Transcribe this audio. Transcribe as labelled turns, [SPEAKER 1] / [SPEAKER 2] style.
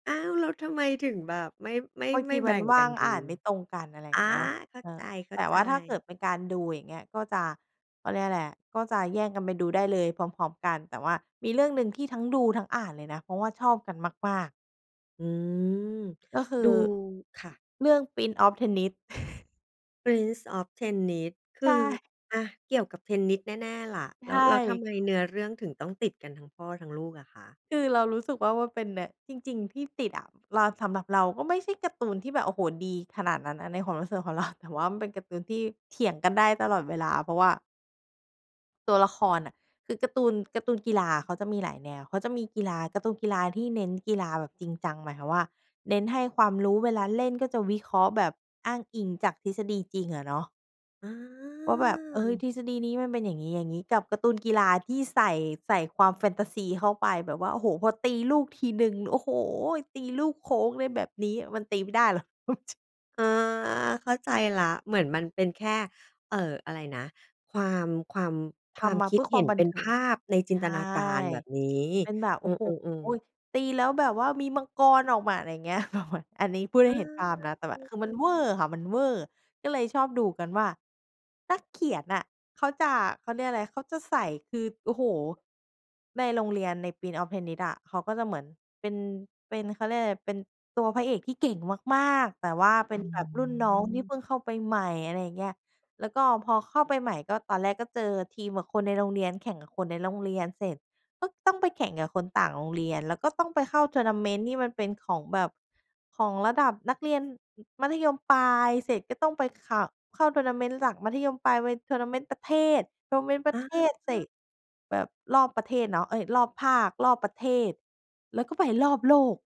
[SPEAKER 1] อ้าว แล้วทำไมถึงแบบไม่ ไม่
[SPEAKER 2] บาง
[SPEAKER 1] ไม
[SPEAKER 2] ท
[SPEAKER 1] ่
[SPEAKER 2] ี
[SPEAKER 1] แ
[SPEAKER 2] ม
[SPEAKER 1] บ
[SPEAKER 2] ั
[SPEAKER 1] ่
[SPEAKER 2] น
[SPEAKER 1] ง
[SPEAKER 2] ว
[SPEAKER 1] ก
[SPEAKER 2] ่
[SPEAKER 1] ั
[SPEAKER 2] า
[SPEAKER 1] น
[SPEAKER 2] ง
[SPEAKER 1] ดู
[SPEAKER 2] อ่านไม่ตรงกัน อะไรอย
[SPEAKER 1] อ
[SPEAKER 2] ่
[SPEAKER 1] า
[SPEAKER 2] างเงี้ย
[SPEAKER 1] เข้า
[SPEAKER 2] เอ
[SPEAKER 1] ใ
[SPEAKER 2] อ แต่ว
[SPEAKER 1] จ
[SPEAKER 2] ่าถ้าเกิด
[SPEAKER 1] ๆ
[SPEAKER 2] เป็นการดูอย่างเงี้ยก็จะ เขาเรียกอะไรอะ ก็จะแย่งกันไปดูได้เลยพร้อม ๆ กัน แต่ว่ามีเรื่องหนึ่งที่ทั้งดูทั้งอ่านเลยนะ เพราะว่าชอบกันมาก ๆ
[SPEAKER 1] อืม
[SPEAKER 2] ก็คื
[SPEAKER 1] ดู
[SPEAKER 2] อ
[SPEAKER 1] ค่ะ
[SPEAKER 2] เรื่องพรินซ์ออฟเทนนิส
[SPEAKER 1] พรินซ์ออฟเทนนิส ค
[SPEAKER 2] ใช
[SPEAKER 1] ือ
[SPEAKER 2] ่
[SPEAKER 1] อะ เกี่ยวกับเทนนิสแน่ ๆ ล่ะ
[SPEAKER 2] ใ
[SPEAKER 1] แ
[SPEAKER 2] ช
[SPEAKER 1] ล้ว แล้วทำ
[SPEAKER 2] ่
[SPEAKER 1] ไมเนื้อเรื่องถึงต้องติดกันทั้งพ่อทั้งลูกอะคะ?
[SPEAKER 2] คือเรารู้สึกว่ามันเป็นแนว จริง ๆ ที่ติดอะ รา สำหรับเราก็ไม่ใช่การ์ตูนที่แบบ โอ้โฮ ดีขนาดนั้นนะในความรู้สึกของ เรา แต่ว่ามันเป็นการ์ตูนที่เถียงกันได้ตลอดเวลา เพราะว่า ตัวละครน่ะ คือการ์ตูน การ์ตูนกีฬาเขาจะมีหลายแนว เขาจะมีกีฬา การ์ตูนกีฬาที่เน้นกีฬาแบบจริงจัง หมายความว่าเน้นให้ความรู้ เวลาเล่นก็จะวิเคราะห์แบบอ้างอิงจากทฤษฎีจริงอะเนาะ
[SPEAKER 1] อา
[SPEAKER 2] ว่าแบบ เอ๊ย ทฤษฎีนี้มันเป็นอย่างงี้ ๆ กับการ์ตูนกีฬาที่ใส่ ใส่ความแฟนตาซีเข้าไปแบบว่า โอ้โฮ พอตีลูกทีหนึ่ง โอ้โฮ ตีลูกโค้ง อะไรแบบนี้ มันตีไม่ได้ หรอก เอาจริง
[SPEAKER 1] อา เข้าใจแล้ว เหมือนมันเป็นแค่ เอ่อ อะไรนะ ความ ความ ค
[SPEAKER 2] ท
[SPEAKER 1] วาม
[SPEAKER 2] ำมา
[SPEAKER 1] ค
[SPEAKER 2] เ
[SPEAKER 1] ิ
[SPEAKER 2] พ
[SPEAKER 1] ด
[SPEAKER 2] ื่อค
[SPEAKER 1] เห
[SPEAKER 2] ว
[SPEAKER 1] ็
[SPEAKER 2] า
[SPEAKER 1] น
[SPEAKER 2] มบั
[SPEAKER 1] เป
[SPEAKER 2] น
[SPEAKER 1] ็น
[SPEAKER 2] เท
[SPEAKER 1] ภ
[SPEAKER 2] ิง
[SPEAKER 1] าพในจิ
[SPEAKER 2] ใช
[SPEAKER 1] นต
[SPEAKER 2] ่
[SPEAKER 1] นาการแบบนี้
[SPEAKER 2] เป็นแบบ โ
[SPEAKER 1] อ
[SPEAKER 2] อ
[SPEAKER 1] ื
[SPEAKER 2] ้โฮ
[SPEAKER 1] ม ๆ ๆ
[SPEAKER 2] ตีแล้วแบบว่ามีมังกรออกมา อะไรเงี้ย แบบมัน อันนี้พูดได
[SPEAKER 1] อ
[SPEAKER 2] ้เห็นภาพน
[SPEAKER 1] า
[SPEAKER 2] ะ แต่หมาย คือมันเวอร์ค่ะ มันเวอร์ก็เลยชอบดูกันว่า นักเขียนน่ะ เขาจะ เขาเรียกอะไร เขาจะใส่ คือ โอ้โฮ ในโรงเรียนในพรินซ์ออฟเทนนิสอะ เขาก็จะเหมือนเป็น เป็น เขาเรียกอะไร เป็นตัวพระเอกที่เก่งมาก ๆ แต่ว่าเป็
[SPEAKER 1] อ
[SPEAKER 2] น
[SPEAKER 1] ื
[SPEAKER 2] แบบรุ่นน้องที่เ
[SPEAKER 1] ม
[SPEAKER 2] พิ่งเข้าไปใหม่ อะไรอย่างเงี้ย แล้วก็พอเข้าไปใหม่ก็ ตอนแรกก็เจอทีมกับคนในโรงเรียน แข่งกับคนในโรงเรียนเสร็จก็ต้องไปแข่งกับคนต่างโรงเรียน แล้วก็ต้องไปเข้า Tournament ที่มันเป็นของแบบ ของระดับนักเรียนมัธยมปลาย เสร็จก็ต้องไป ข เข้า Tournament หลังมัธยมปลาย ไป Tournament ประเทศ Tournament ประ
[SPEAKER 1] อ
[SPEAKER 2] เท
[SPEAKER 1] า
[SPEAKER 2] ศเสร็จแบบรอบประเทศเนาะ เอ๊ย รอบภาค รอบประเทศ แล้วก็ไปรอบโลก